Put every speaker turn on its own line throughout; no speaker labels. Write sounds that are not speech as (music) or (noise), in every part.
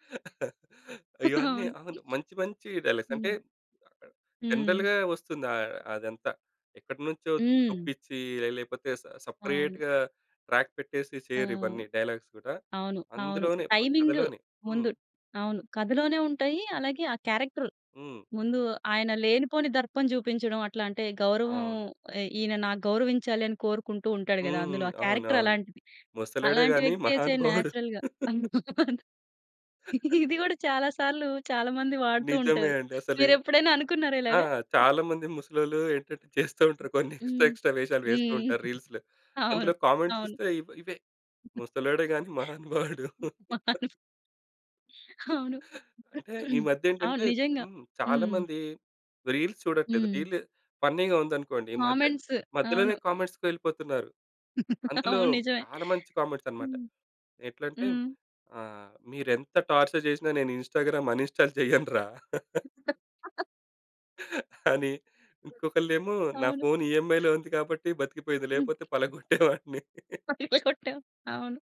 (chuckles) అయ్యో! అన్నీ
అవును.
అవును. మంచి మంచి డైలా‌గ్స్. అంటే,
హ్మ్.
అక్కడ
హ్మ్.
జనరల్‌గా వస్తుంది అ అదంతా. ఎక్కడ్నుంచో
హ్మ్.
చొప్పిచ్చి ఆహ్, లేపోతే స
అవును.
సెపరేట్‌గా ట్రాక్ పెట్టేసి
ఆ!
చేయరు ఇవన్నీ. డైలాగ్స్ గూడా.
అవును. అవును. అవును.
అందులోనే ప
టైమింగు
కథలోనే. హ్మ్.
ముందు. అవును. కథలోనే ఉంటాయి అలాగే ఆ క్యారెక్టర్.
హ్మ్.
ముందు ఆయన లేనిపోని దర్పం జూపించడం, అట్లాంటే
ఆ!
గౌరవం
అవును.
ఎ ఈయన నా గౌరవించాలని కోరుకుంటూ ఉంటాడు
హ్మ్.
గదా అందులో.
హ్మ్.
ఆ క్యారెక్టర్
అవునవును.
అలాంటిది.
ముసలోడే
అలాంటి
గాని
వ్యక్తే చే
మహానుభావుడు.
నేచురల్‌గా. అవును.
(laughs)
ఇదిగూడా చాలా సార్లు చాలా మంది వాడుతూ
నిజమే
ఉంటారు.
అండి. అసలి.
మీరెప్పుడైనా అనుకున్నారా
ఆ!
ఇలాగ?
చాలా మంది ముసలోళ్ళు ఏంటంటే, చేస్తా ఉంటారు కొన్ని ఎక్స్‌ట్రా, ఎక్స్‌ట్రా వేషాలు వేస్తూ ఉంటారు
హ్మ్.హ్మ్.
రీల్స్‌లో.
అవును.
అందులో కామెంట్స్
అవును.
చూస్తే ఇవ్ ఇవే.
హుహు.
ముసలోడే గాని మహానుభావుడు.
మహాను అవును.
అంటే,
(clears throat)
ఈమధ్య
అవును.
ఏంటంటే,
నిజంగా.
హ్మ్. చాలా
హ్మ్.
మంది రీల్స్ చూడట్లేదు.
హ్మ్.
రీల్లు ఫన్నీగా ఉందనుకోండి, మధ్య
కామెంట్స్.
మధ్యలోనే
అవును.
కామెంట్స్‌కి వెళ్ళిపోతున్నారు. అందులో
అవును. నిజమే.
చాలామంచి కామెంట్స్ అన్నమాట.
హ్మ్.
ఎట్లంటే
హ్మ్.
ఆహ్, మీరు ఎంత టార్చర్ చేసినా నేను ఇన్‌స్టా‌గ్రామ్ అన్‌ఇన్‌స్టాల్ చేయను రా! (laughs)
(chuckles)
అని,
హ్మ్.
ఇంకొకళ్ళేమో
అవును.
నాఫోను ఈ‌ఏం‌ఐ‌లో ఉంది కాబట్టి బతికిపోయింది,
హ్మ్.
లేకపోతే పలగ్గొట్టేవాడ్ని.
కొట్టి పై కొట్టావు. అవును.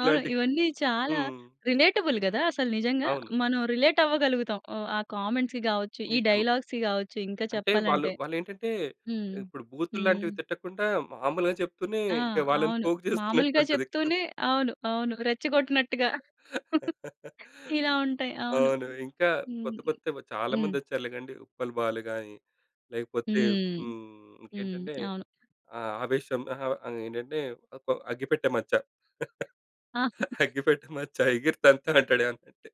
అవును.
ఇలాంటి
ఇవన్నీ చాలా
హ్మ్.
రిలేటబుల్ గదా అసలు నిజంగా.
అవును.
మనం రిలేట్ అవ్వగలుగుతాం. ఆహ్, ఆ కామెంట్స్‌కి కావచ్చు. ఈ
నిజం.
డైలాగ్స్‌కి కావచ్చు. ఇంకా
అంటే వాళ్ళు
చెప్పాలంటే.
వాళ్ళేంటంటే,
హ్మ్.
ఇప్పుడు
హ్మ్.
బూతుల్లాంటివి తిట్టకుండా, మామూలుగా చెప్తూనే
ఆ!
ఇంకా వాళ్ళని
అవును.
పోక్
మామూలుగా
చేస్తున్నట్టుంటది.
చెప్తూనే. అవును. అవును. రెచ్చగొట్టినట్టుగా. (chuckles)
(laughs)
ఇలా ఉంటాయి అవును.
అవును. ఇంకా
హ్మ్.
కొత్త, కొత్తవి
హ్మ్.
చాలామంది వచ్చారులే గండి. ఉప్పల్ బాలు గానీ, లేకపోతే
హ్మ్.
హ్మ్,
హ్మ్.
ఇంకేంటంటే
అవును.
ఆ! ఆవేశం అహా! అని ఏంటంటే, ఒక్క అగ్గిపెట్టే మచ్చ.
ఆ!
అగ్గిపెట్ట మచ్చ ఎగిరి‌తంతనంటాడు ఏమన్నఅంటే.